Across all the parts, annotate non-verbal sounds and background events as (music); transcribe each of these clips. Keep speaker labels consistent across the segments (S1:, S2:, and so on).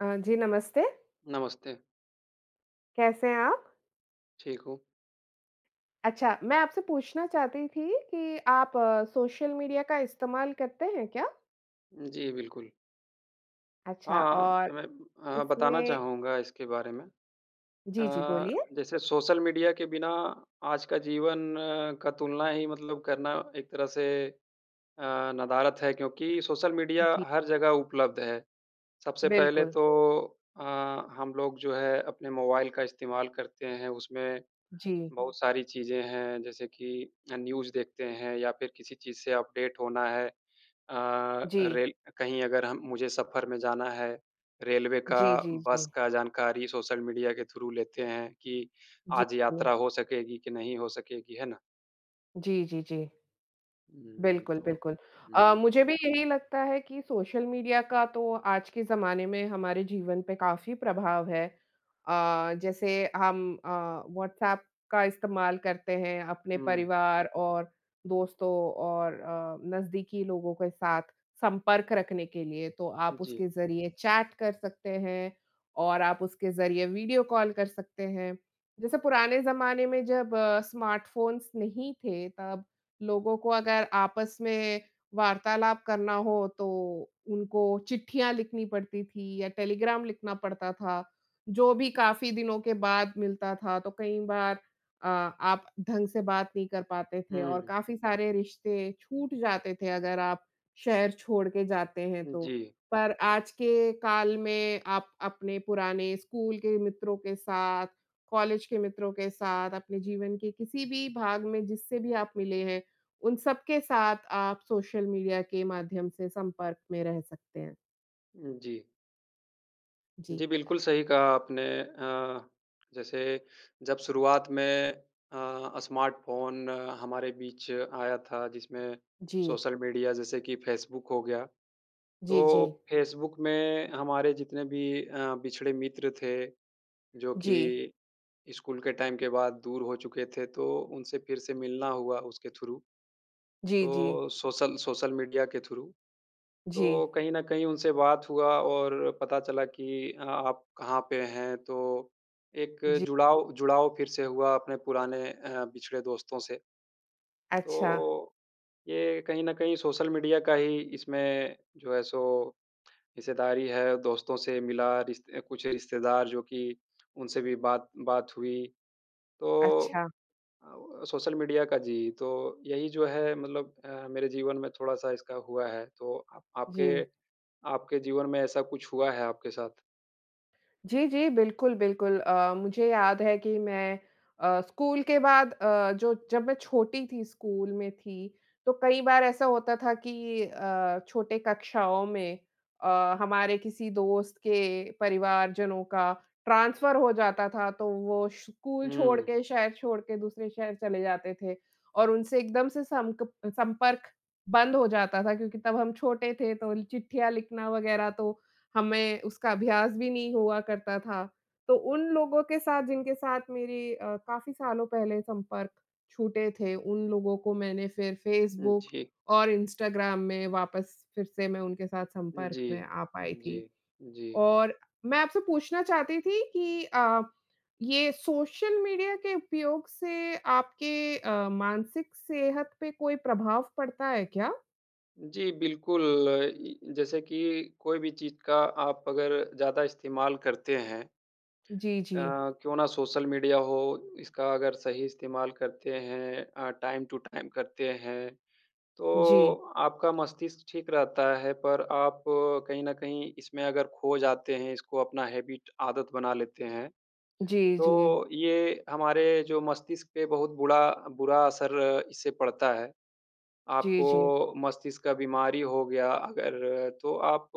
S1: अ, जी, नमस्ते।
S2: नमस्ते।
S1: कैसे हैं आप?
S2: ठीक हूँ।
S1: अच्छा। मैं आपसे पूछना चाहती थी कि आप सोशल मीडिया का इस्तेमाल करते हैं क्या?
S2: जी, बिल्कुल।
S1: अच्छा
S2: हाँ,
S1: और
S2: हाँ। मैं अ, बताना
S1: इसमें
S2: चाहूँगा इसके बारे में।
S1: जी, जी।
S2: अ,
S1: बोलिए।
S2: जैसे सोशल मीडिया के बिना आज का जीवन का तुलना ही मतलब करना एक तरह से अ, नदारत है क्योंकि सोशल मीडिया
S1: जी।
S2: हर जगह उपलब्ध है। सबसे पहले
S1: बिल्कुल।
S2: तो अ, हम लोग जो है अपने मोबाइल का इस्तेमाल करते हैं। उसमें
S1: जी।
S2: बहुत सारी चीज़ें हैं जैसे कि अ, न्यूज़ देखते हैं या फ़िर किसी चीज़ से अपडेट होना है। अ,
S1: जी।
S2: रेल कहीं अगर हम मुझे सफर में जाना है, रेलवे का
S1: जी, जी,
S2: बस
S1: जी।
S2: का जानकारी सोशल मीडिया के थ्रू लेते हैं कि
S1: जी।
S2: आज
S1: क
S2: यात्रा हो सकेगी की नहीं हो सकेगी। है ना?
S1: जी, जी, जी।
S2: हुँ,
S1: बिल्कुल,
S2: तो
S1: बिल्कुल। अ,
S2: हुँ।
S1: मुझे भी यही लगता है कि सोशल मीडिया का तो आज के ज़माने में हमारे जीवन पे काफ़ी प्रभाव है। अ, जैसे हम अ, व्हाट्सएप का इस्तेमाल करते हैं अपने
S2: हुँ।
S1: परिवार और दोस्तों और अ, नज़दीकी लोगों के साथ संपर्क रखने के लिए तो आप
S2: जी।
S1: उसके ज़रिये चैट कर सकते हैं। और आप उसके ज़रिए वीडियो कॉल कर सकते हैं। जैसे पुराने ज़माने में जब स्मार्टफ़ोन्स नहीं थे तब लोगों को अगर आपस में वार्तालाप करना हो तो उनको चिट्ठियाँ लिखनी पड़ती थी या टेलीग्राम लिखना पड़ता था। जो भी काफ़ी दिनों के बाद मिलता था तो कई बार अ, आप ढंग से बात नहीं कर पाते थे और
S2: हुँ।
S1: काफ़ी सारे रिश्ते छूट जाते थे अगर आप शहर छोड़ के जाते हैं तो।
S2: जी।
S1: पर आज के काल में आप अपने पुराने स्कूल के मित्रों के साथ, कॉलेज के मित्रों के साथ अपने जीवन के किसी भी भाग में जिससे भी आप मिले हैं, उन सबके साथ आप सोशल मीडिया के माध्यम से संपर्क में रह सकते हैं।
S2: जी।
S1: जी।
S2: जी, बिल्कुल। सही कहा आपने अ, जैसे जब शुरुआत में अ, स्मार्टफ़ोन हमारे बीच आया था जिसमें
S1: जी।
S2: सोशल मीडिया जैसे कि फ़ेसबुक हो गया।
S1: जी, जी।
S2: तो फ़ेसबुक में हमारे जितने भी अ, बिछड़े मित्र थे, जो
S1: जी।
S2: कि स्कूल के टाइम के बाद दूर हो चुके थे तो उनसे फ़िर से मिलना हुआ उसके थ्रू।
S1: जी, जी।
S2: तो सोशल सोशल मीडिया के थ्रू, तो
S1: जी।
S2: कहीं न कहीं उनसे बात हुआ और पता चला कि आप कहाँ पे हैं? तो एक
S1: जी।
S2: जुड़ाव जुड़ाव फ़िर से हुआ अपने पुराने अ, पिछड़े दोस्तों से।
S1: अच्छा।
S2: तो ये कहीं न कहीं सोशल मीडिया का ही इसमें जो है सो हिस्सेदारी है दोस्तों से मिला, रिस अ, कुछ रिश्तेदार जो कि उनसे भी बात बात हुई। तो
S1: अच्छा।
S2: अ, व सोशल मीडिया का जी तो, यही जो है मतलब अ, मेरे जीवन में थोड़ा-सा इसका हुआ है। तो अ, आपके
S1: जी।
S2: आपके जीवन में ऐसा कुछ हुआ है आपके साथ?
S1: जी, जी, बिल्कुल, बिल्कुल। अ, मुझे याद है कि मैं अ, स्कूल के बाद अ, जो जब मैं छोटी थी, स्कूल में थी, तो कई बार ऐसा होता था कि अ, छोटे कक्षाओं में अ, हमारे किसी दोस्त के परिवारजनों का ट्रांसफ़र हो जाता था, तो वो स्कूल छोड़
S2: हुँ।
S1: के, शहर छोड़ के दूसरे शहर चले जाते थे और उनसे एकदम से संक संपर्क बंद हो जाता था क्योंकि तब हम छोटे थे, तो चिट्ठियाँ लिखना वगैरह, तो हमें उसका अभ्यास भी नहीं हुआ करता था। तो उन लोगों के साथ, जिनके साथ मेरी अ, काफ़ी सालों पहले संपर्क छूटे थे, उन लोगों को मैंने फ़िर फेसबुक
S2: जी।
S1: और इंस्टाग्राम में वापस फिर से मैं उनके साथ संपर्क
S2: जी।
S1: में आ पाई
S2: जी।
S1: थी
S2: जी।
S1: और मैं आपसे पूछना चाहती थी कि अ, ये सोशल मीडिया के उपयोग से आपके अ, मानसिक सेहत पे कोई प्रभाव पड़ता है क्या?
S2: जी, बिल्कुल। ई जैसे कि कोई भी चीज़ का आप अगर ज़्यादा इस्तेमाल करते हैं
S1: जी,
S2: अ,
S1: जी।
S2: क्यों ना सोशल मीडिया हो, इसका अगर सही इस्तेमाल करते हैं अ, टाइम टू टाइम करते हैं,
S1: जी।
S2: तो आपका मस्तिष्क ठीक रहता है। पर आप कहीं न कहीं इसमें अगर ख़ो जाते हैं, इसको अपना हैबिट आदत बना लेते हैं,
S1: जी, जी।
S2: तो ये हमारे जो मस्तिष्क पे बहुत बुडा बुरा असर इससे पड़ता है।
S1: जी, जी।
S2: आपको मस्तिष्क का बीमारी हो गया अगर, तो आप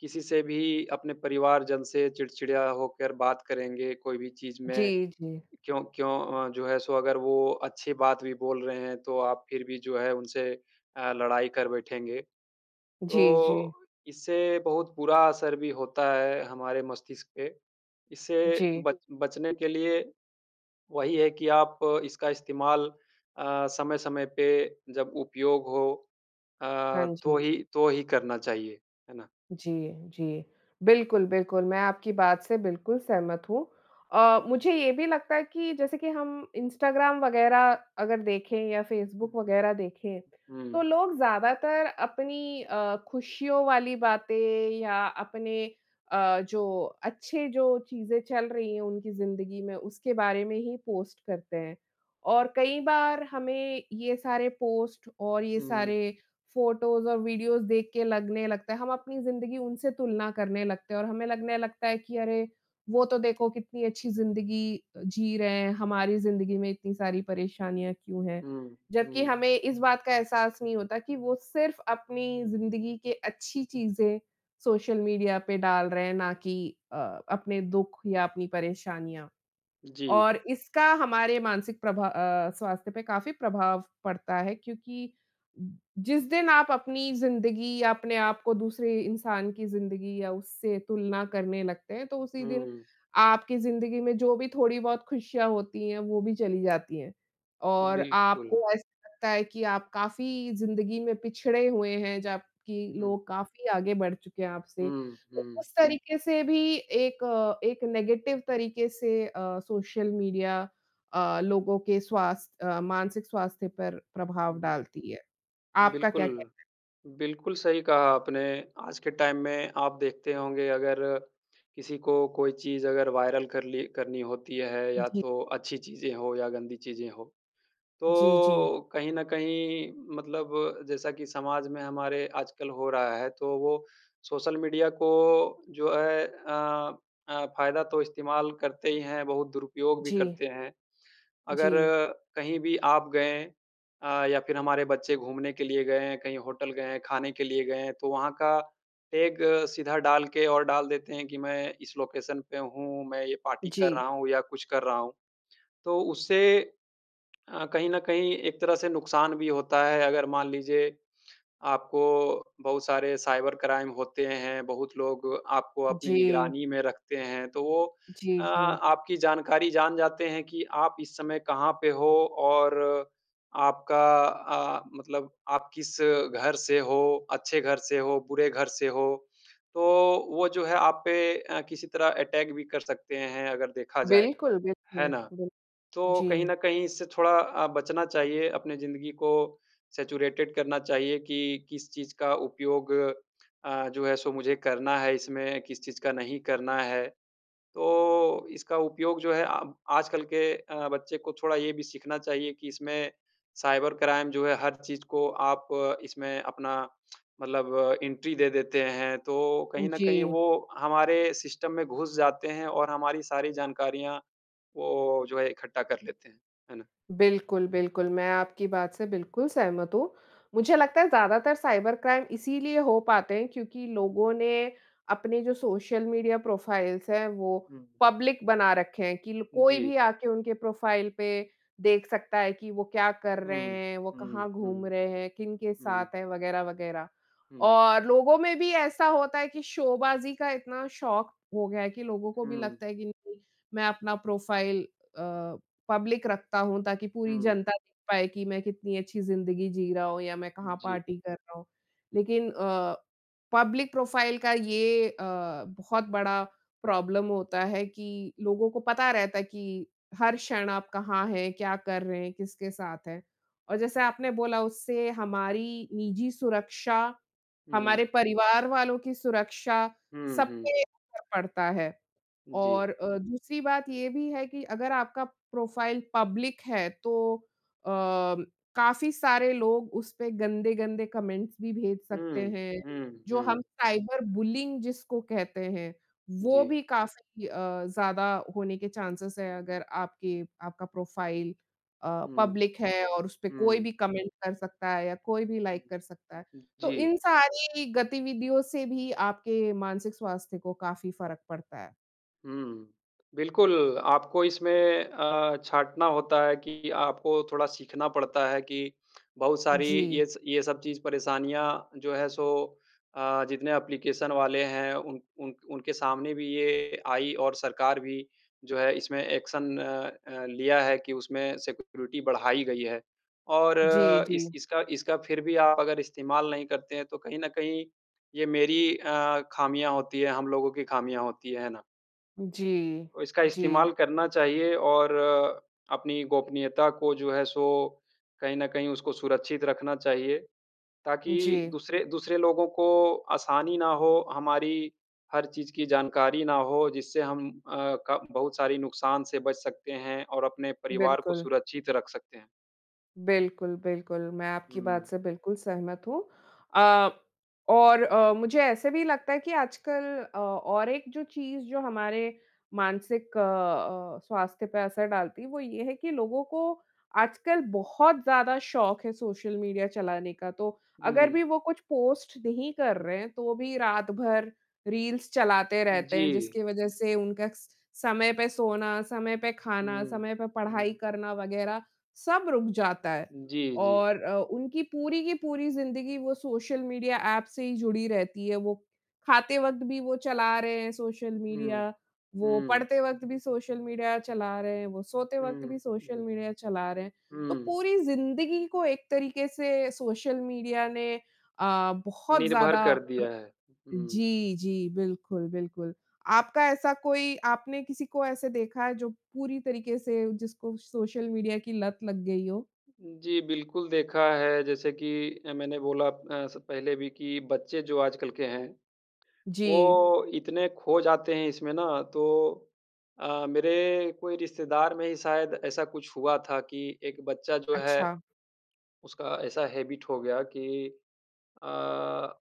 S2: किसी से भी, अपने परिवार जन से चिड़चिड़ा होकर बात करेंगे, कोई भी चीज़ में,
S1: जी, जी।
S2: क्यों क्यों अ, जो है, सो अगर वो अच्छी बात भी बोल रहे हैं, तो आप फ़िर भी जो है, उनसे अ, लड़ाई कर बैठेंगे।
S1: जी,
S2: तो
S1: जी।
S2: इससे बहुत बुरा असर भी होता है हमारे मस्तिष्क पे। इससे
S1: जी।
S2: बच बचने के लिए वही है कि आप इसका इस्तेमाल अ, समय-समय पे जब उपयोग हो अ,
S1: हाँ
S2: तो
S1: जी।
S2: ही तो ही करना चाहिए। है ना?
S1: जी, जी। बिल्कुल, बिल्कुल, मैं आपकी बात से बिल्कुल सहमत हूँ। अ, मुझे ये भी लगता है कि जैसे कि हम इंस्टाग्राम वगैरह अगर देखें या फेसबुक वगैरह देखें, तो
S2: हुँ।
S1: लोग ज़्यादातर अपनी अ, ख़ुशियों वाली बातें या अपने अ, जो अच्छे, जो चीज़ें चल रही हैं उनकी ज़िंदगी में, उसके बारे में ही पोस्ट करते हैं। और कई बार हमें ये सारे पोस्ट और ये
S2: हुँ।
S1: सारे फ़ोटोज़ और वीडियोज़ देख के लगने लगता है, हम अपनी ज़िंदगी उनसे तुलना करने लगते हैं और हमें लगने लगता है कि, "अरे! वो तो देखो कितनी अच्छी ज़िंदगी अ, जी रहे हैं। हमारी ज़िंदगी में इतनी सारी परेशानियाँ क्यों हैं?"
S2: हुँ।
S1: जबकि
S2: हुँ।
S1: हमें इस बात का एहसास नहीं होता कि वो सिर्फ़ अपनी ज़िंदगी के अच्छी चीज़ें सोशल मीडिया पे डाल रहे हैं, ना कि अ, अपने दुख या अपनी परेशानियाँ।
S2: जी।
S1: और इसका हमारे मानसिक प्रभा अ, स्वास्थ्य पे काफ़ी प्रभाव पड़ता है क्योंकि, जिस दिन आप अपनी ज़िंदगी या अपने आपको दूसरे इंसान की ज़िंदगी या उससे तुलना करने लगते हैं, तो उसी दिन
S2: हुँ।
S1: आपकी ज़िंदगी में जो भी थोड़ी-बहुत खुशियाँ होती हैं, वो भी चली जाती हैं और
S2: बिल्कुल।
S1: आपको ऐसा लगता है कि आप काफ़ी ज़िंदगी में पिछड़े हुए हैं, जबकि
S2: हुँ।
S1: लोग काफ़ी आगे बढ़ चुके हैं आपसे।
S2: हुँ।
S1: तो
S2: हुँ।
S1: उस तऱीके से भी एक एक नेगेटिव तऱीके से अ, सोशल मीडिया अ, लोगों के स्वास्थ अ, मानसिक स्वास्थ्य पर प्रभाव
S2: हुँ, हुँ।
S1: डालती है। आपका
S2: बिल्कुल।
S1: क्या कहना है?
S2: बिल्कुल सही कहा आपने। आज के टाइम में आप देखते होंगे, अगर किसी को कोई चीज़ अगर वायरल करली करनी होती है या
S1: जी।
S2: तो अच्छी चीज़ें हों या गंदी चीज़ें हों,
S1: जी, जी।
S2: तो कहीं न कहीं मतलब जैसा कि समाज में हमारे आजकल हो रहा है, तो वो सोशल मीडिया को जो है अ, अ, फ़ायदा तो इस्तेमाल करते ही हैं, बहुत दुरुपयोग भी
S1: जी।
S2: करते हैं। अगर
S1: जी।
S2: कहीं भी आप गए अ, या फ़िर हमारे बच्चे घूमने के लिए गए हैं, कहीं होटल गए हैं, खाने के लिए गए हैं, तो वहाँ का टैग सीधा डाल के और डाल देते हैं कि मैं इस लोकेशन पे हूँ, मैं ये पार्टी कर
S1: जी।
S2: रहा हूँ या कुछ कर रहा हूँ। तो उससे अ, कहीं न कहीं एक तरह से नुकसान भी होता है। अगर मान लीजिए, आपको बहुत सारे साइबर क्राइम होते हैं, बहुत लोग आपको अपनी
S1: जी।
S2: निगरानी में रखते हैं, तो वो अ,
S1: जी, जी।
S2: आपकी जानकारी जान जाते हैं कि आप इस समय कहाँ पे हो और आपका अ, मतलब आप किस घर से हो, अच्छे घर से हो, बुरे घर से हो, तो वो जो है, आप पे अ, किसी तरह अटैक भी कर सकते हैं, अगर देखा जाए।
S1: बिल्कुल,
S2: है
S1: बिल्कुल,
S2: ना?
S1: बिल
S2: तो कहीं
S1: जी।
S2: न कहीं इससे थोड़ा अ, बचना चाहिए, अपनी जिंदगी को सैचुरेटेड करना चाहिए कि किस चीज़ का उपयोग अ, जो है, सो मुझे करना है इसमें, किस चीज़ का नहीं करना है। तो इसका उपयोग जो है आ आजकल के अ, बच्चे को थोड़ा ये भी सीखना चाहिए कि इसमें साइबर क्राइम जो है, हर चीज़ को आप इसमें अपना मतलब एंट्री दे देते हैं। तो कहीं न कहीं
S1: जी।
S2: वो हमारे सिस्टम में घुस जाते हैं और हमारी सारी जानकारियाँ, वो जो है, इकट्ठा कर लेते हैं। है ना?
S1: बिल्कुल, बिल्कुल, मैं आपकी बात से बिल्कुल सहमत हूँ। मुझे लगता है, ज़्यादातर साइबर क्राइम इसीलिए हो पाते हैं क्योंकि लोगों ने अपने जो सोशल मीडिया प्रोफ़ाइल्स हैं, वो
S2: हुँ।
S1: पब्लिक बना रखे हैं कि ल कोई
S2: जी।
S1: भी आ के उनके प्रोफ़ाइल पे देख सकता है कि वो क्या कर रहे
S2: हुँ।
S1: हैं, वो
S2: हुँ,
S1: कहाँ घूम
S2: हुँ।
S1: रहे हैं, किनके
S2: हुँ।
S1: साथ हैं, वगैरह-वगैरह।
S2: हुँ।
S1: और लोगों में भी ऐसा होता है कि शोबाज़ी का इतना शौक़ हो गया है कि लोगों को भी
S2: हुँ।
S1: लगता है कि नहीं, मैं अपना प्रोफ़ाइल अ, पब्लिक रखता हूँ, ताकि पूरी
S2: हुँ।
S1: जनता देख पाए कि मैं कितनी अच्छी ज़िंदगी जी रहा हूँ या मैं कहाँ
S2: जी।
S1: पार्टी कर रहा हूँ। लेकिन अ, पब्लिक प्रोफ़ाइल का ये अ, बहुत बड़ा प्रॉब्लम होता है कि लोगों को पता रहता है कि हर क्षण आप कहाँ हैं, क्या कर रहे हैं, किसके साथ हैं। और जैसे आपने बोला, उससे हमारी निजी सुरक्षा
S2: हुँ।
S1: हमारे परिवार वालों की सुरक्षा
S2: हुँ,
S1: सब
S2: हुँ।
S1: पे असर पड़ता है
S2: जी।
S1: और अ, दूसरी बात ये भी है कि अगर आपका प्रोफ़ाइल पब्लिक है, तो अम, काफ़ी सारे लोग उसपे गंदे-गंदे कमेंट्स भी भेज सकते
S2: हुँ।
S1: हैं,
S2: हुँ।
S1: जो हम
S2: हुँ।
S1: साइबर बुलीइंग जिसको कहते हैं, वो
S2: जी।
S1: भी काफ़ी अ, ज़्यादा होने के चांसेस हैं, अगर आपके आपका प्रोफ़ाइल अ,
S2: हुँ।
S1: पब्लिक है और उसपे कोई
S2: हुँ।
S1: भी कमेंट कर सकता है या कोई भी
S2: हुँ,
S1: लाइक कर सकता है।
S2: हुँ।
S1: तो इन
S2: जी।
S1: सारी गतिविधियों से भी आपके मानसिक स्वास्थ्य को काफ़ी फ़र्क पड़ता है।
S2: हुँ। बिल्कुल, आपको इसमें अ, छाँटना होता है कि आपको थोड़ा सीखना पड़ता है कि बहुत सारी
S1: जी।
S2: ये स ये सब चीज़ परेशानियाँ जो है सो, आ जितने एप्लीकेशन वाले हैं उन उन उनके सामने भी ये आई और सरकार भी जो है इसमें एक्शन अ अ, लिया है कि उसमें सिक्योरिटी बढ़ाई गई है। और
S1: जी,
S2: इस
S1: जी।
S2: इसका इसका फ़िर भी आप अगर इस्तेमाल नहीं करते हैं, तो कहीं न कहीं ये मेरी अ, खामियाँ होती हैं, हम लोगों की खामियाँ होती है, है ना?
S1: जी।
S2: और इसका
S1: जी।
S2: इस्तेमाल करना चाहिए और, अपनी गोपनीयता को जो है सो कहीं न कहीं उसको सुरक्षित रखना चाहिए। ताकि
S1: जी।
S2: दूसरे दूसरे लोगों को आसानी ना हो, हमारी हर चीज़ की जानकारी ना हो, जिससे हम अ, क बहुत सारी नुकसान से बच सकते हैं और अपने परिवार को
S1: बिल्कुल।
S2: सुरक्षित रख सकते हैं।
S1: बिल्कुल, बिल्कुल। मैं आपकी बात
S2: हुँ।
S1: से बिल्कुल सहमत हूँ। अ, और अ, मुझे ऐसे भी लगता है कि आजकल औ और एक जो चीज़ जो हमारे मानसिक अ अ, स्वास्थ्य पे असर डालती है। वो ये है कि लोगों को आजकल बहुत ज़्यादा शौक है सोशल मीडिया चलाने का। तो अगर
S2: हुँ।
S1: भी वो कुछ पोस्ट नहीं कर रहे हैं तो भी रात-भर रील्स चलाते रहते हैं।
S2: जी।
S1: जिसकी वजह से उनका स समय पर सोना, समय पे खाना
S2: हुँ।
S1: समय पे पढ़ाई
S2: हुँ।
S1: करना वगैरह, सब रुक जाता है।
S2: जी, जी।
S1: और अ, उनकी पूरी की पूरी ज़िन्दगी वो सोशल मीडिया ऐप से ही जुड़ी रहती है, वो खाते वक्त भी वो चला रहे हैं सोशल
S2: हुँ,
S1: मीडिया। वो
S2: हुँ।
S1: पढ़ते वक्त भी सोशल मीडिया चला रहे हैं। वो सोते वक्त
S2: हुँ,
S1: भी सोशल
S2: हुँ।
S1: मीडिया चला रहे हैं। तो
S2: हुँ।
S1: पूरी ज़िन्दगी को एक तरीके से सोशल मीडिया आ ने बहुत
S2: निर्भर
S1: ज्यादा
S2: कर
S1: प्र
S2: दिया है। हुँ।
S1: जी, जी। बिल्कुल, बिल्कुल। आपका ऐसा कोई आपने किसी को ऐसे देखा है जो पूरी तरीके से जिसको सोशल मीडिया की लत लग गई हो?
S2: जी, बिल्कुल देखा है जैसे कि अ, मैंने बोला ऐसा पहले भी कि बच्चे जो आजकल के हैं,
S1: जी।
S2: वो इतने खो जाते हैं इसमें ना तो अ, मेरे कोई रिश्तेदार में ही शायद ऐसा कुछ हुआ था कि एक बच्चा जो है,
S1: अच्छा।
S2: उसका ऐसा हैबिट हो गया कि अ,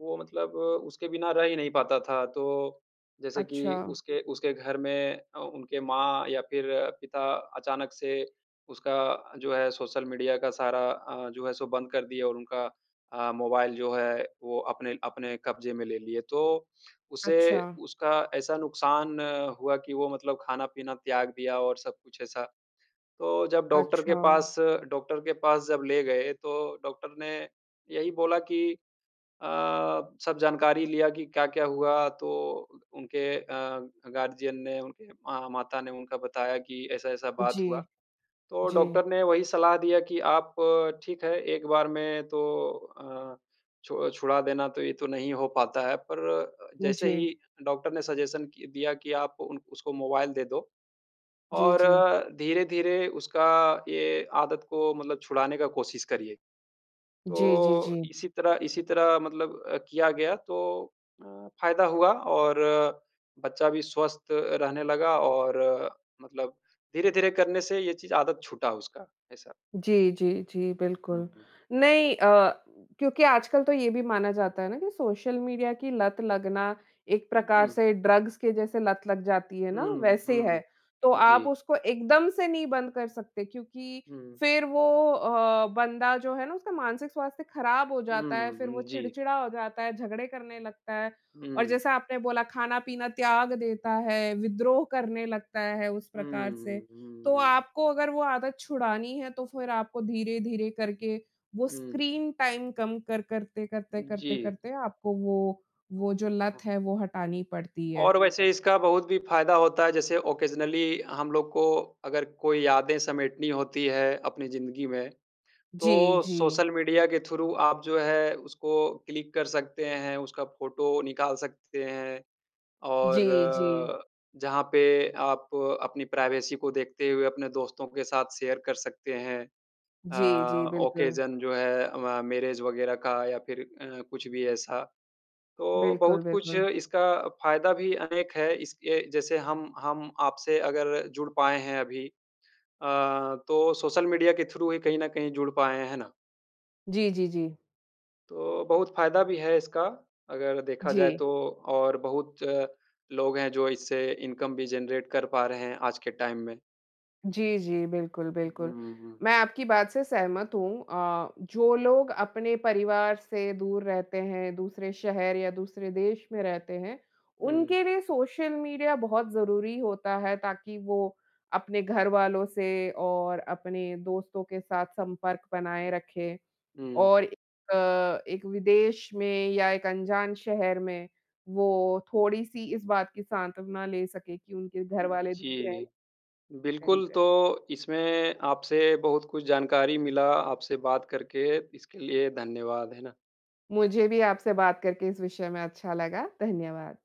S2: वो मतलब उसके बिना रह ही नहीं पाता था। तो जैसे कि
S1: अच्छा।
S2: उसके उसके घर में अ, उनके माँ या फ़िर पिता अचानक से उसका जो है सोशल मीडिया का सारा अ, जो है सो बंद कर दिया और उनका अ, मोबाइल जो है वो अपने अपने कब्जे में ले लिए। तो उसे
S1: अच्छा।
S2: उसका ऐसा नुकसान हुआ कि वो मतलब खाना-पीना त्याग दिया और सब कुछ ऐसा। तो जब डॉक्टर के
S1: अच्छा।
S2: पास डॉक्टर के पास जब ले गए तो डॉक्टर ने यही बोला कि अ, सब जानकारी लिया कि क्या-क्या हुआ, तो उनके अ, गार्डियन ने उनके माता ने उनका बताया कि ऐसा-ऐसा बात
S1: जी।
S2: हुआ। तो
S1: जी।
S2: डॉक्टर ने वही सलाह दिया कि आप ठीक है एक बार में तो अ, छु छुड़ा देना तो ये तो नहीं हो पाता है, पर अ, जैसे
S1: जी।
S2: ही डॉक्टर ने सजेशन कि दिया कि आप उन उसको मोबाइल दे दो,
S1: जी,
S2: और
S1: जी।
S2: धीरे-धीरे उसका ये आदत को मतलब छुड़ाने का कोशिश करिए।
S1: जी, जी,
S2: तो
S1: जी।
S2: इसी तरह इसी तरह मतलब किया गया तो अ, फ़ायदा हुआ और बच्चा भी स्वस्थ रहने लगा, और मतलब धीरे-धीरे करने से ये चीज़ आदत छूटा उसका, ऐसा।
S1: जी, जी, जी।
S2: हुँ,
S1: बिल्कुल,
S2: हुँ।
S1: नहीं अ, क्योंकि आजकल तो ये भी माना जाता है ना कि सोशल मीडिया की लत लगना एक
S2: हुँ,
S1: प्रकार
S2: हुँ।
S1: से ड्रग्स के जैसे लत लग जाती है ना
S2: हुँ,
S1: वैसे है।
S2: हुँ।
S1: तो आप
S2: जी।
S1: उसको एकदम से नहीं बंद कर सकते, क्योंकि
S2: हुँ।
S1: फिर वो अ, बंदा जो है ना उसका मानसिक स्वास्थ्य खराब हो जाता
S2: हुँ,
S1: है, फिर
S2: हुँ।
S1: वो
S2: जी।
S1: चिड़चिड़ा हो जाता है, झगड़े करने लगता है। और
S2: हुँ।
S1: जैसा आपने बोला खाना-पीना त्याग देता है, विद्रोह करने लगता है उस
S2: हुँ,
S1: प्रकार से।
S2: हुँ, हुँ,
S1: तो
S2: हुँ।
S1: आपको अगर वो आदत छुड़ानी है तो फिर आपको धीरे-धीरे करके, वो
S2: हुँ।
S1: स्क्रीन टाइम कम कर करते-करते
S2: हुँ, जी।
S1: करते-करते आपको वो, वो जो लत है वो हटानी पड़ती है।
S2: और वैसे इसका बहुत भी फायदा होता है। जैसे ऑकेज़नली हम लोग को अगर कोई यादें समेटनी होती है अपनी जिंदगी में,
S1: जी,
S2: तो
S1: जी।
S2: सोशल मीडिया के थ्रू आप जो है उसको क्लिक कर सकते हैं, उसका फ़ोटो निकाल सकते हैं। और
S1: जी, जी।
S2: अ, जहाँ पे आप अपनी प्राइवेसी को देखते हुए अपने दोस्तों के साथ शेयर कर सकते हैं। अ,
S1: जी, जी, बिल्कुल।
S2: ऑकेज़न जो है म मैरेज़ वगैरह का या फिर अ, कुछ भी ऐसा। तो
S1: बिल्कुल,
S2: बहुत कुछ
S1: बिल्कुल।
S2: इसका फायदा भी अनेक है, इसके जैसे हम हम आपसे अगर जुड़ पाए हैं अभी अ, तो सोशल मीडिया के थ्रू ही कहीं न कहीं जुड़ पाए हैं, है ना?
S1: जी, जी, जी।
S2: तो बहुत फ़ायदा भी है इसका, अगर देखा जाए
S1: जी।
S2: तो, और बहुत लोग हैं जो इससे इनकम भी जनरेट कर पा रहे हैं आज के टाइम में।
S1: जी, जी। बिल्कुल, बिल्कुल।
S2: हुँ, हुँ।
S1: मैं आपकी बात से सहमत हूँ। अ, जो लोग अपने परिवार से दूर रहते हैं दूसरे शहर या दूसरे देश में रहते हैं।
S2: हुँ।
S1: उनके लिए सोशल मीडिया बहुत ज़रूरी होता है। ताकि वो अपने घर वालों से और अपने दोस्तों के साथ संपर्क बनाए रखें।
S2: हुँ।
S1: और ए अ, एक विदेश में या एक अनजान शहर में, वो थोड़ी-सी इस बात की सांत्वना ले सके कि उनके घर वाले (unintelligible)
S2: जी।
S1: के
S2: बिल्कुल,
S1: करीब है।
S2: तो इसमें आपसे बहुत कुछ जानकारी मिला आपसे बात करके, इसके लिए धन्यवाद, है ना।
S1: मुझे भी आपसे बात करके इस विषय में अच्छा लगा। धन्यवाद।